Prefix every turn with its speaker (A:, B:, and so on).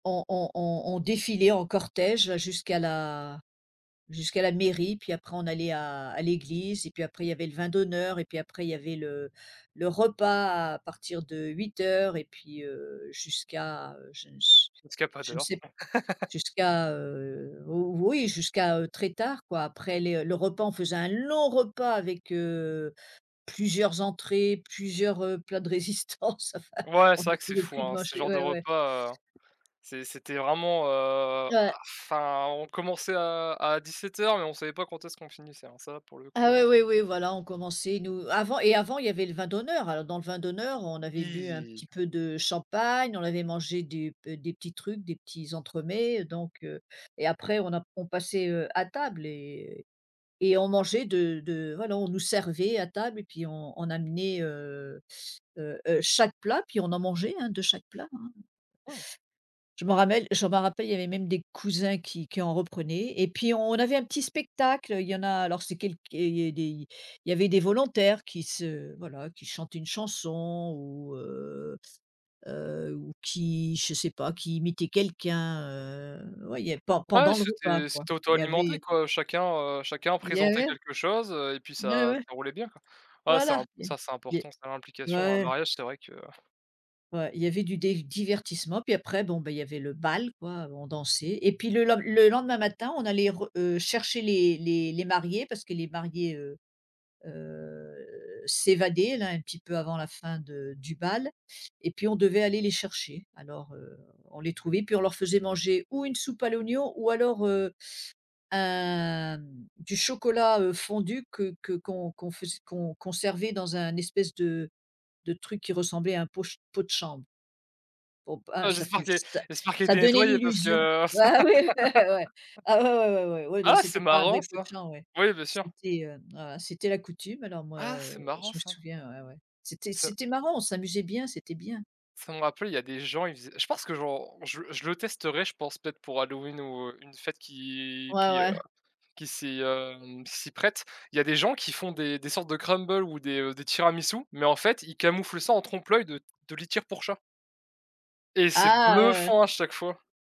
A: On on on on défilait en cortège jusqu'à la jusqu'à la mairie, puis après on allait à à l'église et puis après il y avait le vin d'honneur, et puis après il y avait le le repas à partir de 20:00 et puis, heu, jusqu'à, heu, je ne s
B: Jusqu'à pas
A: je ne
B: d'heure.
A: sais p jusqu'à, heu, ou oui jusqu'à, heu, très tard quoi, après les, heu, le repas on faisait un long repas avec, heu, plusieurs entrées, plusieurs, heu, plats de résistance. Enfin
B: Ouais
A: on
B: c'est vrai
A: n'en
B: que c'est
A: pouvait
B: fou,
A: plus de
B: hein, ce
A: manger,
B: genre de
A: ouais ouais.
B: repas, heu, c'est c'était vraiment heu
A: Ouais.
B: bah, enfin, on commençait à à 17:00 mais on savait pas quand est-ce qu'on finissait, hein, ça pour le
A: Ah
B: coup
A: oui,
B: ouais.
A: oui, oui, voilà on commençait nous avant et avant il y avait le vin d'honneur. Alors dans le vin d'honneur on avait bu un
B: Oui.
A: petit peu de champagne, on avait mangé des b des petits trucs, des petits entremets, donc, heu, et après on a p on passait, heu, à table et et on mangeait de de voilà, on nous servait à table et puis on on amenait, heu heu heu, chaque plat, puis on en mangeait, hein, de chaque plat hein.
B: Mmh.
A: Je m'en rappelle je m'en rappelle, il y avait même des cousins qui qui en reprenaient, et puis on on avait un petit spectacle. Il y en a alors c'est quelque et il y a des il y il y avait des volontaires qui se voilà, qui chantaient une chanson ou, heu heu, ou qui je sais pas qui imitaient quelqu'un heu ouais, il y a pen
B: Ouais,
A: pendant le repas
B: c'était
A: quoi,
B: c'était
A: il y
B: auto-alimenté
A: avait
B: quoi, chacun, heu, chacun
A: il y
B: présentait
A: avait
B: quelque chose, heu, et puis
A: N ouais, ouais,
B: ça
A: ouais.
B: ça roulait bien quoi. Ah c'est
A: Voila,
B: imp
A: il y av
B: ça c'est
A: il
B: important ça,
A: y a
B: l'implication dans un
A: ouais.
B: mariage. C'est vrai que
A: Ouais. Il y avait du des divertissements, puis après bon, ben, il y avait le bal quoi, heu, on dansait, et puis le len le lendemain matin, on allait re heu, chercher les les les mariés parce que les mariés, heu heu s'évadaient là un petit peu avant la fin de du bal, et puis on devait aller les chercher. Alors, heu, on les trouvait puis on leur faisait manger ou une soupe à l'oignon ou alors, heu, un m du chocolat, heu, fondu que que qu'on qu'on fais qu'on qu'on servait dans un espèce de de truc qui ressemblait à un pot ch pot de chambre. Bon b
B: Ah
A: hein, ça
B: j'espère
A: fait
B: que
A: ça
B: j'espère qu'elle
A: ça
B: était
A: donnait
B: nettoyée parce que
A: l'illusion
B: ah c'est marrant ça! Oui
A: bah ouais oui ouais.
B: bien sûr.
A: Ah, ouais, ouais, ouais, ouais, ouais, non,
B: Ah c'est
A: c'était pas un
B: marrant
A: vrai pot de
B: ça!
A: chambre, ouais,
B: Ouais bien sûr.
A: c'était, hem voila, c'était la coutume. Alors moi,
B: Ah c'est
A: heu,
B: marrant
A: je me
B: ça.
A: souviens ouais, ouais, c'était
B: Ça
A: c'était marrant, on s'amusait bien, c'était bien.
B: ça me rappelle, il y a des gens ils faisaient je pense que j'en je je le testerai je pense peut-être pour Halloween ou, heu, une fête qui
A: Ouais,
B: qui, heu,
A: ouais.
B: qui s'y, hem, qui s'y prête. Il y a des gens qui font des des sortes de crumble ou des, heu, des tiramisus, mais en fait ils camouflent ça en trompe l'œil de de litière pour chat. Et c'est
A: Ah! Ouais, ouais.
B: bluffant à chaque fois.